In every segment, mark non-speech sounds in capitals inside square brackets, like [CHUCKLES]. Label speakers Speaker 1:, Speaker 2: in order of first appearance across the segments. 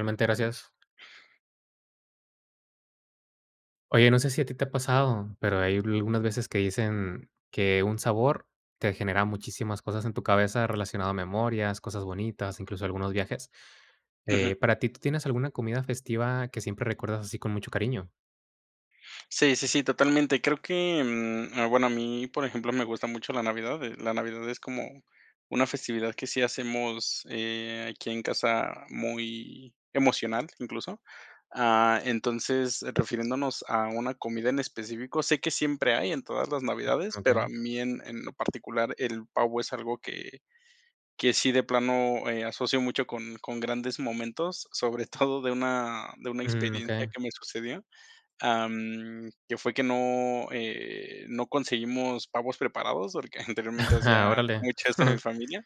Speaker 1: Realmente, gracias. Oye, no sé si a ti te ha pasado, pero hay a algunas veces que dicen, que un sabor te genera muchísimas cosas en tu cabeza relacionado a memorias, cosas bonitas, incluso algunos viajes. Eh,
Speaker 2: Ujú.
Speaker 1: para ti, ¿tú tienes alguna comida festiva que siempre recuerdas así con mucho cariño?
Speaker 2: Sí, sí, sí, totalmente. Creo que, mm, ah, bueno, a mí, por ejemplo, me gusta mucho la Navidad, eh, la Navidad es como una festividad que sí hacemos, eh, aquí en casa muy emocional, incluso. Ah, entonces, refiriéndonos a una comida en específico, sé que siempre hay en todas las Navidades, pero a
Speaker 1: Okey.
Speaker 2: mí en en lo particular el pavo es algo que que sí de plano, eh, asocio mucho con con grandes momentos, sobre [CHUCKLES] todo de una de una
Speaker 1: Mm,
Speaker 2: experiencia
Speaker 1: okey.
Speaker 2: que me sucedió, am, que fue que no, eh, no conseguimos pavos preparados, porque anteriormente
Speaker 1: [CHUCKLES]
Speaker 2: hacía
Speaker 1: Órale.
Speaker 2: mucho esto a mi
Speaker 1: [CHUCKLES]
Speaker 2: familia.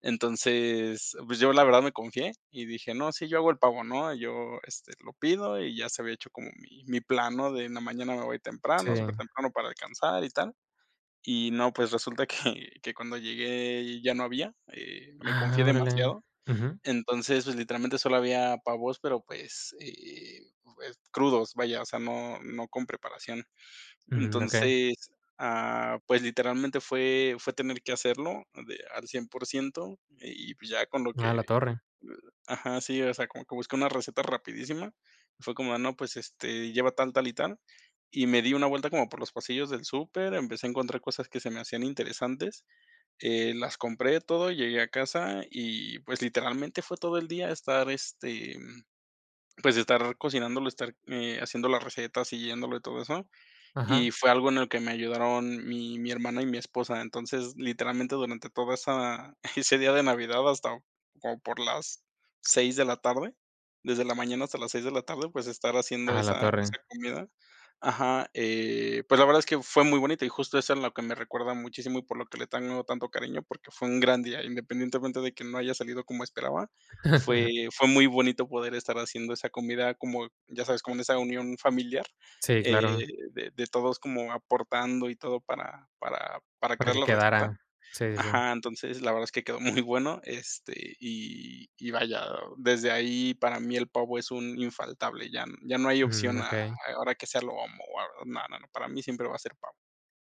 Speaker 2: Entonces, pues yo la verdad me confié, y dije: "No, sí, yo hago el pavo", ¿no?, yo, este, lo pido y ya se había hecho como mi mi plan, ¿no?, de en la mañana me voy
Speaker 1: Sí.
Speaker 2: temprano, supertemprano para alcanzar y tal. Y no, pues, resulta que que cuando llegué ya no había, eh, me confié
Speaker 1: Ah, órale,
Speaker 2: demasiado,
Speaker 1: ujú.
Speaker 2: entonces, pues, literalmente solo había pavos, pero, pues, eh, pues, crudos, vaya, o sea, no no con preparación.
Speaker 1: Ujú, okey.
Speaker 2: Entonces, ah, pues, literalmente fue fue tener que hacerlo de al 100% y, pues, ya con lo que,
Speaker 1: A la
Speaker 2: eh,
Speaker 1: torre.
Speaker 2: ajá, sí, o sea, como que busqué una receta rapidísima, fue como no, pues, este, lleva tal, tal y tal, y me di una vuelta como por los pasillos del súper, empecé a encontrar cosas que se me hacían interesantes, eh, las compré todo, llegué a casa y, pues, literalmente fue todo el día estar, este, mm, pues, estar cocinándolo, estar, eh, haciendo la receta, siguiéndolo y todo eso.
Speaker 1: Ajá.
Speaker 2: Y fue algo en el que me ayudaron mi mi hermana y mi esposa. Entonces, literalmente durante toda esa [CHUCKLES] ese día de Navidad hasta como por las 6 de la tarde, desde la mañana hasta las 6 de la tarde, pues, estar haciendo
Speaker 1: Ajá, la
Speaker 2: esa
Speaker 1: torre.
Speaker 2: esa comida. Ajá, eh, pues, la verdad es que fue muy bonito y justo eso es lo que me recuerda muchísimo, y por lo que le tengo tanto cariño, porque fue un gran día, independientemente de que no haya salido como esperaba,
Speaker 1: [LAUGHS]
Speaker 2: fue fue muy bonito poder estar haciendo esa comida como, ya sabes, con esa unión familiar,
Speaker 1: Sí,
Speaker 2: eh,
Speaker 1: claro.
Speaker 2: de de todos como aportando y todo para para para
Speaker 1: Para
Speaker 2: crear
Speaker 1: que
Speaker 2: la receta.
Speaker 1: quedara, sí, sí.
Speaker 2: Ajá, entonces, la verdad es que quedó [CHUCKLES] muy bueno, este, y y vaya, desde ahí para mí el pavo es un infaltable, ya n ya no hay
Speaker 1: Mm,
Speaker 2: opción a a
Speaker 1: okey.
Speaker 2: a ahora hay que hacerlo, lo amo o a no, no, para mí siempre va a ser pavo.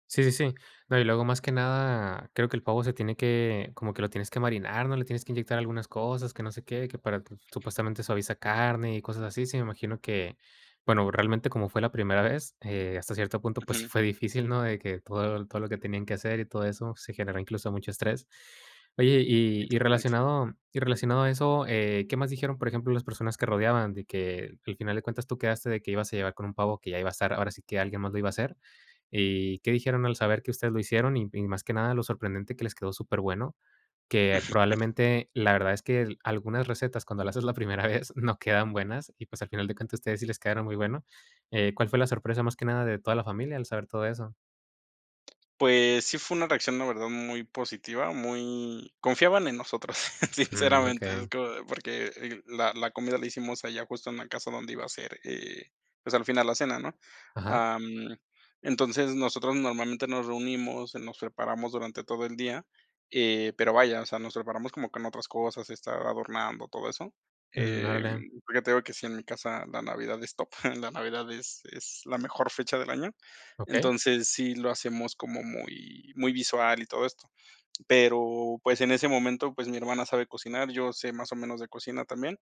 Speaker 1: Sí, sí, sí. No, y luego más que nada, creo que el pavo se tiene que, como que lo tienes que marinar, ¿no?, le tienes que inyectar algunas cosas, que no sé qué, que para t supuestamente suaviza carne y cosas así. Sí, me imagino que, bueno, realmente, como fue la primera vez, eh, hasta cierto punto, pues sí
Speaker 2: Ujú.
Speaker 1: fue difícil, ¿no?, de que todo todo lo que tenían que hacer y todo eso se generó incluso mucho estrés. Oye, y y
Speaker 2: Exactamente.
Speaker 1: relacionado y relacionado a eso, eh, ¿qué más dijeron, por ejemplo, las personas que rodeaban, de que al final de cuentas tú quedaste de que ibas a llegar con un pavo que ya iba a estar, ahora sí que alguien más lo iba a hacer? ¿Y qué dijeron al saber que ustedes lo hicieron?, y m y más que nada lo sorprendente, que les quedó superbueno. Que
Speaker 2: [CHUCKLES]
Speaker 1: probablemente, la verdad es que, algunas recetas, cuando la haces la primera vez, [CHUCKLES] no quedan buenas y pues, al final de cuentas a ustedes sí les quedaron muy bueno. Eh, ¿cuál fue la sorpresa más que nada de toda la familia al saber todo eso?
Speaker 2: Pues, sí fue una reacción la verdad, muy positiva, muy confiaban en nosotros,
Speaker 1: Mm,
Speaker 2: sinceramente. Es
Speaker 1: okey.
Speaker 2: como de porque, eh, la la comida la hicimos allá justo en la casa donde iba a ser, eh, pues, al final la cena, ¿no?,
Speaker 1: Ajá.
Speaker 2: ah, mm, entonces, nosotros normalmente nos reunimos, nos preparamos durante todo el día, eh, pero vaya, o sea, nos preparamos como que en otras cosas, estar adornando, todo eso.
Speaker 1: Mm,
Speaker 2: Em,
Speaker 1: órale.
Speaker 2: porque te digo que sí, en mi casa la Navidad es top, [CHUCKLES] la Navidad es es la mejor fecha del año.
Speaker 1: Okey.
Speaker 2: Entonces, sí, lo hacemos como muy muy visual y todo esto. Pero, pues, en ese momento, pues, mi hermana sabe cocinar, yo sé más o menos de cocina también.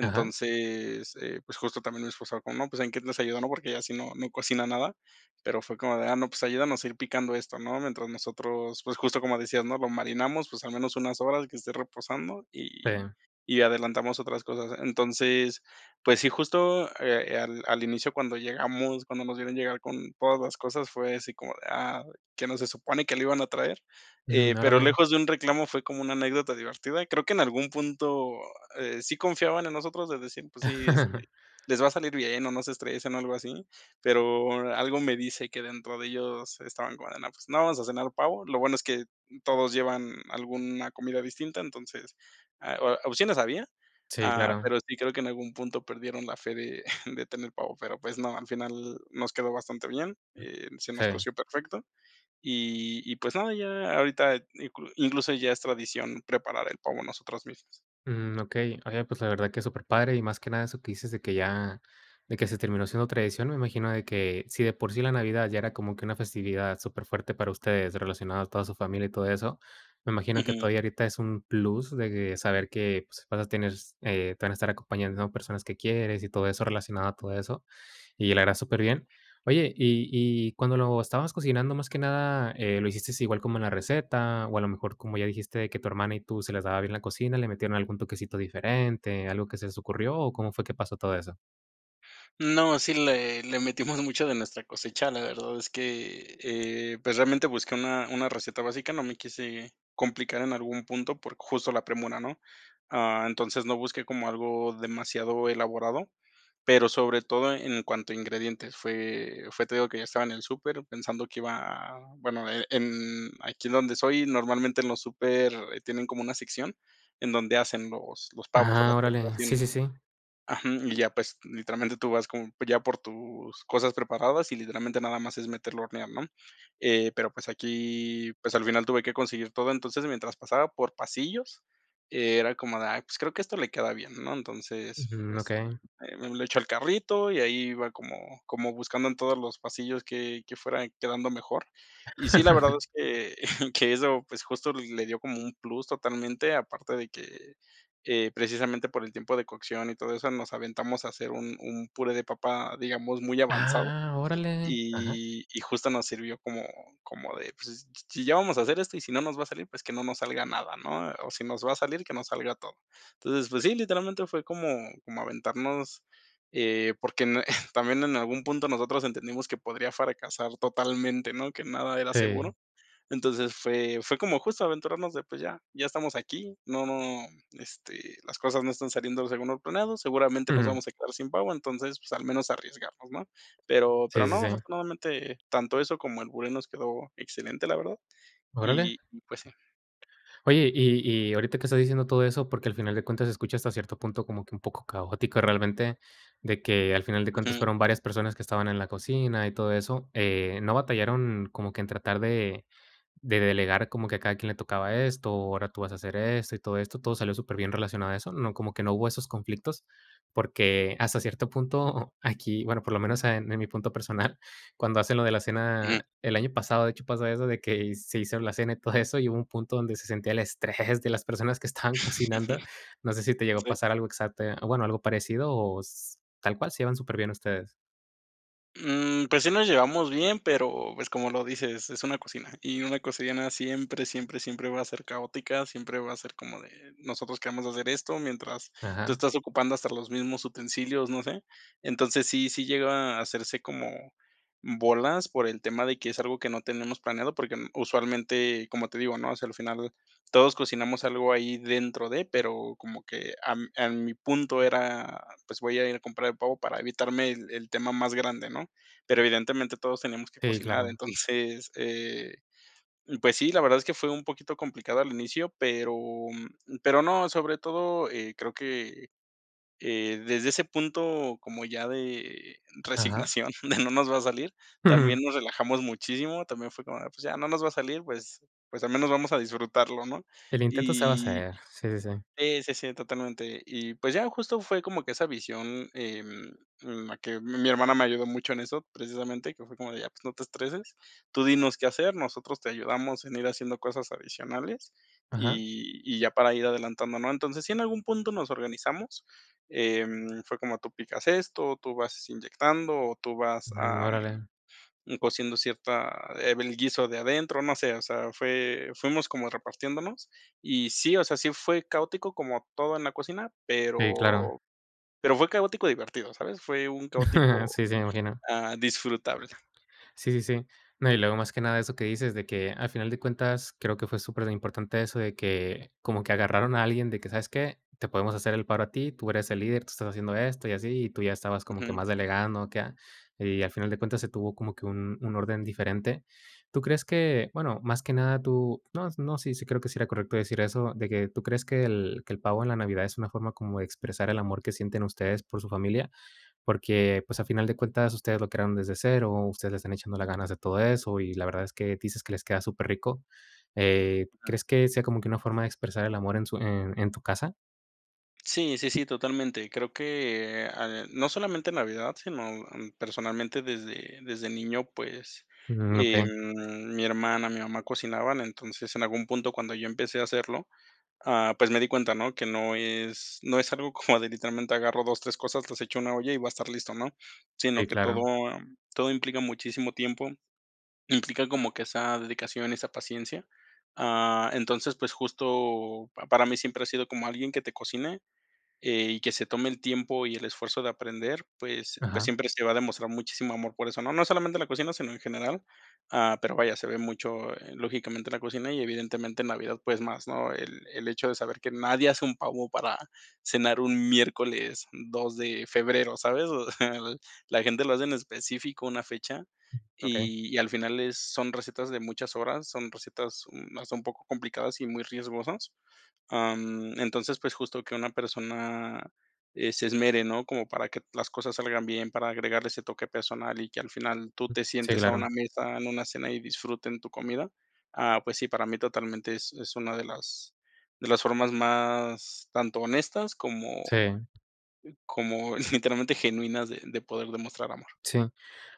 Speaker 1: Ajá.
Speaker 2: eh, pues, justo también mi esposa como no pues, en qué los ayudó, ¿no?, porque ella si no no cocina nada, pero fue como de: "Ah, no, pues, ayúdanos a ir picando esto, ¿no?, mientras nosotros", pues, justo como decías, ¿no?, lo marinamos, pues, al menos unas horas que esté reposando y
Speaker 1: Sí.
Speaker 2: y adelantamos otras cosas. Entonces, pues sí, justo, eh, al al inicio cuando llegamos, cuando nos vieron llegar con todas las cosas, fue así como de: "Ah, ¿qué no se supone que lo iban a traer?", eh,
Speaker 1: Mm,
Speaker 2: pero
Speaker 1: órale.
Speaker 2: lejos de un reclamo fue como una anécdota divertida. Creo que en algún punto, eh, sí confiaban en nosotros de decir, pues sí,
Speaker 1: [LAUGHS]
Speaker 2: este: "Les va a salir bien o no se estresen" o algo así, pero, algo me dice que dentro de ellos estaban como de no, pues no, vamos a cenar el pavo. Lo bueno es que todos llevan alguna comida distinta, entonces, ah, o opciones había.
Speaker 1: Sí,
Speaker 2: Ah,
Speaker 1: claro.
Speaker 2: pero sí creo que en algún punto perdieron la fe de [CHUCKLES] de tener pavo, pero, pues no, al final nos quedó bastante bien y se nos
Speaker 1: Sí.
Speaker 2: coció perfecto. Y y, pues nada, ya ahorita inclu incluso ya es tradición preparar el pavo nosotros mismos.
Speaker 1: Mm, okey, oye, pues la verdad que es superpadre, y más que nada eso que dices de que ya, de que se terminó siendo tradición, me imagino de que, si de por sí la Navidad ya era como que una festividad superfuerte para ustedes, relacionado a toda su familia y todo eso, me imagino que
Speaker 2: Ujú.
Speaker 1: todavía ahorita es un plus de que saber que, pues, vas a tener, s eh, te van a estar acompañando personas que quieres y todo eso relacionado a todo eso. Y la verdad, superbién. Oye, y y cuando lo estabas cocinando más que nada, eh, ¿lo hiciste igual como en la receta?, o a lo mejor, como ya dijiste, de que tu hermana y tú se la daba bien la cocina, ¿le metieron algún toquecito diferente, algo que se les ocurrió, o cómo fue que pasó todo eso?
Speaker 2: No, sí le le metimos [GIGGLES] mucho de nuestra cosecha, la verdad es que, eh, pues, realmente busqué una una receta básica, no me quise complicar en algún punto por justo la premura, ¿no?, ah, entonces, no busqué como algo demasiado elaborado, pero sobre todo e en cuanto a ingredientes. Fue fue te digo que ya estaba en el súper, pensando que iba a bueno, e en aquí donde soy, normalmente en los súper tienen como una sección, en donde hacen los los pavos o
Speaker 1: Ah,
Speaker 2: las
Speaker 1: órale, sí, sí,
Speaker 2: preparaciones.
Speaker 1: sí.
Speaker 2: Ajú, y ya, pues, literalmente tú vas con ya por tus cosas preparadas y literalmente nada más es meterlo a hornear, ¿no?, eh, pero pues, aquí, pues, al final tuve que conseguir todo, entonces, mientras pasaba por pasillos, era como de, ah, pues, creo que esto le queda bien, ¿no?, entonces,
Speaker 1: Ujú,
Speaker 2: pues,
Speaker 1: okey.
Speaker 2: eh, lo echó al carrito y ahí iba como como buscando en todos los pasillos que que fuera quedando mejor. Y sí, la verdad
Speaker 1: [LAUGHS]
Speaker 2: es que [GIGGLES] que eso, pues, justo le dio como un plus totalmente, aparte de que, eh, precisamente por el tiempo de cocción y todo eso, nos aventamos a hacer un un puré de papa, digamos, muy avanzado,
Speaker 1: ¡Ah, órale!, ajá.
Speaker 2: y y justo nos sirvió como como de, pues, s si ya vamos a hacer esto y si no nos va a salir, pues, que no nos salga nada, ¿no?, o si nos va a salir, que no salga todo. Entonces, pues sí, literalmente fue como como aventarnos, eh, porque en [GIGGLES] también en algún punto nosotros entendimos que podría fracasar totalmente, ¿no?, que nada era
Speaker 1: Sí.
Speaker 2: seguro. Entonces, fue fue como justo aventurarnos de, pues ya, ya estamos aquí, no no, este, las cosas no están saliendo según lo planeado, seguramente nos
Speaker 1: Ujú.
Speaker 2: vamos a quedar sin pavo, entonces, pues, al menos arriesgarnos, ¿no?, pero pero
Speaker 1: Sí, sí,
Speaker 2: no,
Speaker 1: sí.
Speaker 2: afortunadamente tanto eso como el puré nos quedó excelente, la verdad,
Speaker 1: Órale.
Speaker 2: y y pues sí.
Speaker 1: Oye, y y ahorita que estás diciendo todo eso, porque al final de cuentas se escucha hasta cierto punto como que un poco caótico realmente, de que, al final de cuentas
Speaker 2: Ujú.
Speaker 1: fueron varias personas que estaban en la cocina y todo eso, eh, no batallaron como que en tratar de de delegar como que a cada quien le tocaba esto, ahora tú vas a hacer esto y todo esto, todo salió superbién relacionado a eso, ¿no?, como que no hubo esos conflictos, porque hasta cierto punto aquí, bueno, por lo menos en mi punto personal, cuando hacen lo de la
Speaker 2: Ujú.
Speaker 1: cena el año pasado, de hecho, pasa eso de que, se hizo la cena y todo eso [GIGGLES] y hubo un punto donde se sentía el estrés de las personas que estaban cocinando. No sé si
Speaker 2: [LAUGHS]
Speaker 1: te llegó a
Speaker 2: Sí.
Speaker 1: pasar algo exacto, a bueno, algo parecido, o s tal cual, se llevan superbién ustedes.
Speaker 2: Mm, pues sí nos llevamos bien, pero, pues, como lo dices, es una cocina, y una cocina siempre, siempre, siempre va a ser caótica, siempre va a ser como de nosotros queremos hacer esto, mientras, tú
Speaker 1: Ajá.
Speaker 2: estás ocupando hasta los mismos utensilios, no sé. Entonces, sí, sí llega a hacerse como bolas por el tema de que es algo que no tenemos planeado, porque usualmente, como te digo, ¿no?, o sea, al final todos cocinamos algo ahí dentro de, pero, como que am, a mi punto era, pues, voy a ir a comprar el pavo para evitarme el el tema más grande, ¿no?, pero evidentemente todos tenemos que
Speaker 1: Sí,
Speaker 2: cocinar.
Speaker 1: claro.
Speaker 2: [GIGGLES] Entonces, eh, uh, pues sí, la verdad es que fue un poquito complicado al inicio, pero pero no, sobre todo, eh, creo que, eh, desde ese punto como ya de
Speaker 1: Ajá.
Speaker 2: resignación, [GIGGLES] de no nos va a salir,
Speaker 1: Ujú.
Speaker 2: también nos relajamos muchísimo, también fue como de, pues ya no nos va a salir, pues pues al menos vamos a disfrutarlo, ¿no?,
Speaker 1: El intento se va a
Speaker 2: y
Speaker 1: hacer, sí, sí, sí.
Speaker 2: y sí, sí, totalmente. Y, pues ya, justo fue como que esa visión, em, la que mi hermana me ayudó mucho en eso, precisamente que fue como de ya, pues, no te estreses, tú dinos qué hacer, nosotros te ayudamos en ir haciendo cosas adicionales,
Speaker 1: Ajá.
Speaker 2: y y ya para ir adelantando, ¿no?, entonces, si en algún punto nos organizamos, em, fue como tú picas esto, tú vas inyectando o tú vas,
Speaker 1: Mm,
Speaker 2: am,
Speaker 1: órale.
Speaker 2: un cociendo cierta eh, del guiso de adentro, no sé, o sea, fue fuimos como repartiéndonos, y sí, o sea, sí fue caótico como todo en la cocina,
Speaker 1: Sí, claro.
Speaker 2: pero pero fue caótico divertido, ¿sabes?, fue un
Speaker 1: [CHUCKLES]
Speaker 2: caótico,
Speaker 1: Sí, sí, me imagino.
Speaker 2: ah, disfrutable.
Speaker 1: Sí, sí, sí. No, y luego, más que nada, eso que dices, de que, al final de cuentas, creo que fue superimportante eso de que, como que agarraron a alguien de que, ¿sabes qué?, te podemos hacer el paro a ti, tú eres el líder, tú estás haciendo esto y así, y tú ya estabas como que
Speaker 2: Ujú.
Speaker 1: más delegando, o ¿qué?, ah. Y al final de cuentas, se tuvo como que un un orden diferente. Tú crees que, bueno, más que nada tú, no, no, sí, sí creo que sí era correcto decir eso, de que, ¿tú crees que el que el pavo en la Navidad es una forma como de expresar el amor que sienten ustedes por su familia?, porque, pues, a final de cuentas ustedes lo crearon desde cero, ustedes le están echando las ganas de todo eso, y la verdad es que, dices que les queda superrico. Eh,
Speaker 2: Ajá.
Speaker 1: ¿crees que sea como que una forma de expresar el amor en su en en tu casa?
Speaker 2: Sí, sí, sí, totalmente. Creo que, eh, ah, no solamente Navidad, sino, am, personalmente desde desde niño, pues,
Speaker 1: Mm, okey.
Speaker 2: em, mi hermana, mi mamá cocinaban, entonces, en algún punto cuando yo empecé a hacerlo, ah, pues me di cuenta, ¿no?, que no es no es algo como [GIGGLES] de literalmente agarro 2, 3 cosas, las echo una olla y va a estar listo, ¿no?, sino
Speaker 1: Sí,
Speaker 2: que
Speaker 1: claro.
Speaker 2: todo, am, todo implica muchísimo tiempo, implica como que esa dedicación y esa paciencia. Ah, entonces, pues justo, para mí siempre ha sido como alguien que te cocine, eh, y que se tome el tiempo y el esfuerzo de aprender, pues, pues
Speaker 1: Ajá.
Speaker 2: siempre se va a demostrar muchísimo amor por eso, no, no solamente en la cocina, sino en general, ah, pero vaya, se ve mucho, eh, lógicamente en la cocina y evidentemente en Navidad, pues, más, ¿no?, el el hecho de saber que nadie hace un pavo para cenar un miércoles 2 de febrero, ¿sabes?, [GIGGLES] la gente lo hace en específico una fecha,
Speaker 1: Okey.
Speaker 2: y y al final es son recetas de muchas horas, son recetas, uh, no sé, un poco complicadas y muy riesgosas. Ah, mm, entonces, pues justo que una persona, eh, se esmere, ¿no?, como para que las cosas salgan bien, para agregarle ese toque personal y que al final tú te
Speaker 1: Sí,
Speaker 2: sientes a
Speaker 1: claro.
Speaker 2: una mesa, en una cena y disfruten tu comida. Ah, pues sí, para mí totalmente es es una de las de las formas más tanto honestas, como
Speaker 1: Sí.
Speaker 2: como [GIGGLES] literalmente genuinas de de poder demostrar amor.
Speaker 1: Sí.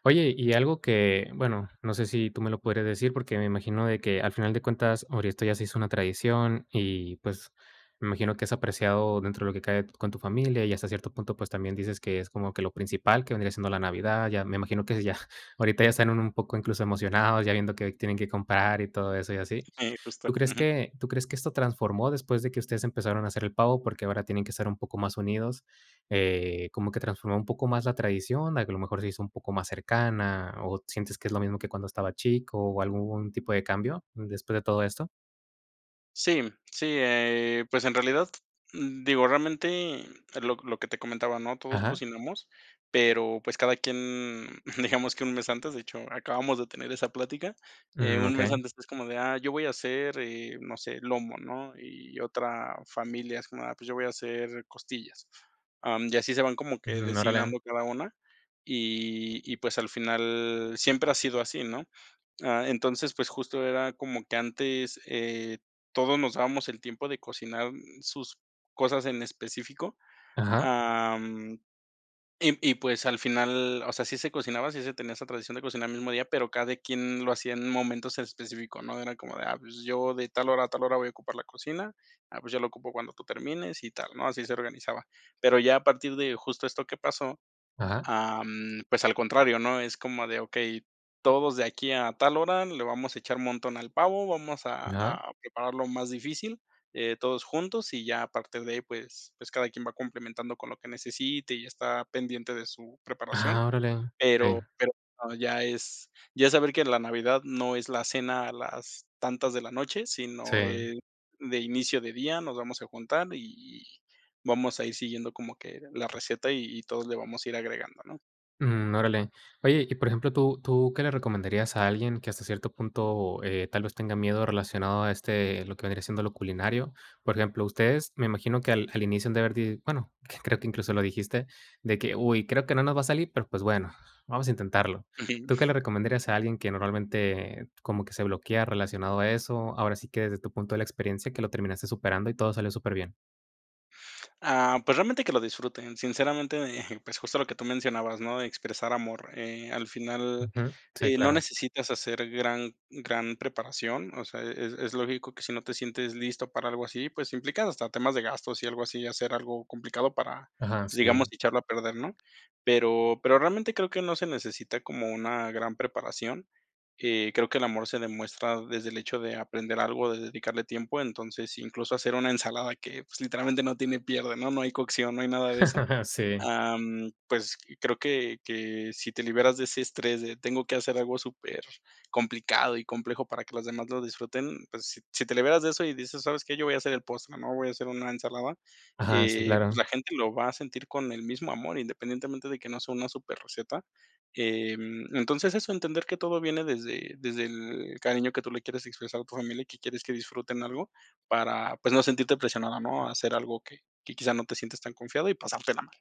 Speaker 1: Oye, y algo que, bueno, no sé si tú me lo podrías decir, porque me imagino de que al final de cuentas, ahora esto ya se hizo una tradición y, pues, me imagino que es apreciado dentro de lo que cabe con tu familia, y hasta cierto punto, pues, también dices que es como que lo principal, que vendría siendo la Navidad, ya me imagino que ya [GIGGLES] ahorita ya están un poco incluso emocionados, ya viendo que tienen que comprar y todo eso y así,
Speaker 2: Eh,
Speaker 1: ¿tú
Speaker 2: justo,
Speaker 1: crees
Speaker 2: ujú.
Speaker 1: que tú crees que esto transformó después de que ustedes empezaron a hacer el pavo?, porque ahora tienen que estar un poco más unidos, eh, como que transformó un poco más la tradición, a que a lo mejor se hizo un poco más cercana, o sientes que es lo mismo que cuando estaba chico, o ¿algún tipo de cambio, después de todo esto?
Speaker 2: Sí, sí, eh, pues, en realidad, digo, realmente, lo lo que te comentaba, ¿no?, todos
Speaker 1: Ajá.
Speaker 2: cocinamos, pero, pues, cada quien, digamos que un mes antes, de hecho, acabamos de tener esa plática, eh,
Speaker 1: Mm,
Speaker 2: un mes
Speaker 1: okey.
Speaker 2: antes es como de: "Ah, yo voy a hacer, eh, no sé, lomo", ¿no?, y otra familia, es como: "Ah, pues, yo voy a hacer costillas". Ah, mm, y así se van como que
Speaker 1: Ujú, órale.
Speaker 2: designando cada una, y y, pues, al final siempre ha sido así, ¿no?, ah, entonces, pues, justo era como que antes, eh, todos nos dábamos el tiempo de cocinar sus cosas en específico.
Speaker 1: Ajá.
Speaker 2: Ah, mm, y y pues, al final, o sea, sí se cocinaba, sí se tenía esa tradición de cocinar el mismo día, pero cada quien lo hacía en momentos en específico, ¿no?, era como de: "Ah, pues, yo de tal hora a tal hora voy a ocupar la cocina", "Ah, pues, yo lo ocupo cuando tú termines", y tal, ¿no?, así se organizaba. Pero ya a partir de justo esto que pasó,
Speaker 1: Ajá.
Speaker 2: ah, mm, pues al contrario, ¿no?, es como de okey, todos de aquí a tal hora le vamos a echar montón al pavo, vamos a
Speaker 1: Ajá.
Speaker 2: a preparar lo más difícil, eh, todos juntos, y ya a parte de ahí, pues, pues cada quien va complementando con lo que necesite y está pendiente de su preparación,
Speaker 1: Ah, órale,
Speaker 2: pero
Speaker 1: okey.
Speaker 2: pero ya es ya es saber que la Navidad no es la cena a las tantas de la noche,
Speaker 1: Sí.
Speaker 2: sino, eh, de inicio de día, nos vamos a juntar y y vamos a ir siguiendo como que la receta y y todos le vamos a ir agregando, ¿no?
Speaker 1: Mm, órale. Oye, y por ejemplo, ¿tú tú qué le recomendarías a alguien que hasta cierto punto, eh, tal vez, tenga miedo relacionado a este lo que vendría siendo lo culinario? Por ejemplo, ustedes, me imagino que al al inicio han de haber, di bueno, creo que incluso lo dijiste, de que, uy, creo que no nos va a salir, pero, pues bueno, vamos a intentarlo, ¿tú qué
Speaker 2: [UNINTELLIGIBLE]
Speaker 1: le recomendarías a alguien que normalmente, como que se bloquea relacionado a eso?, ahora sí que desde tu punto de la experiencia, que lo terminaste superando y todo salió superbién.
Speaker 2: Ah, pues realmente que lo disfruten, sinceramente, eh, [GIGGLES] pues, justo lo que tú mencionabas, ¿no?, de expresar amor. Eh, al final,
Speaker 1: Ujú. Sí,
Speaker 2: eh, no
Speaker 1: claro.
Speaker 2: necesitas hacer gran gran preparación, o sea, es es lógico que si no te sientes listo para algo así, pues, implicado hasta temas de gastos y algo así, hacer algo complicado para
Speaker 1: Ajá.
Speaker 2: pues,
Speaker 1: Sí.
Speaker 2: digamos echarlo a perder, ¿no?, pero pero realmente creo que no se necesita como una gran preparación. Eh, creo que el amor se demuestra desde el hecho de aprender algo, de dedicarle tiempo, entonces, incluso hacer una ensalada que, pues, literalmente no tiene pierde, ¿no?, no hay cocción, no hay nada de eso.
Speaker 1: [LAUGHS] Sí.
Speaker 2: Ah, mm pues, creo que que si te liberas de ese estrés de tengo que hacer algo supercomplicado y complejo para que los demás lo disfruten, pues, si te liberas de eso y dices, ¿sabes qué?, yo voy a hacer el postre, ¿no?, voy a hacer una ensalada,
Speaker 1: Ajá. Sí,
Speaker 2: eh,
Speaker 1: claro.
Speaker 2: pues, la gente lo va a sentir con el mismo amor, independientemente de que no sea una superreceta. Em, entonces, eso entender que todo viene desde desde el cariño que tú le quieres expresar a tu familia, y que quieres que disfruten algo para, pues, no sentirte presionado, ¿no?, a hacer algo que que quizás no te sientes tan confiado y pasártela mal.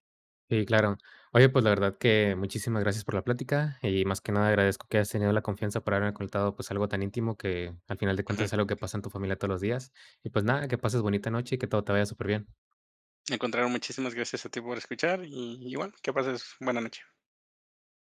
Speaker 1: Si, claro. Oye, pues, la verdad que muchísimas gracias por la plática y, más que nada, agradezco que hayas tenido la confianza para haberme contado, pues, algo tan íntimo que, al final de cuentas,
Speaker 2: Ujú.
Speaker 1: es algo que pasa en tu familia todos los días. Y, pues, nada, que pases bonita noche y que todo te vaya superbién.
Speaker 2: Al contrario, muchísimas gracias a ti por escuchar, y y, bueno, que pases buena noche.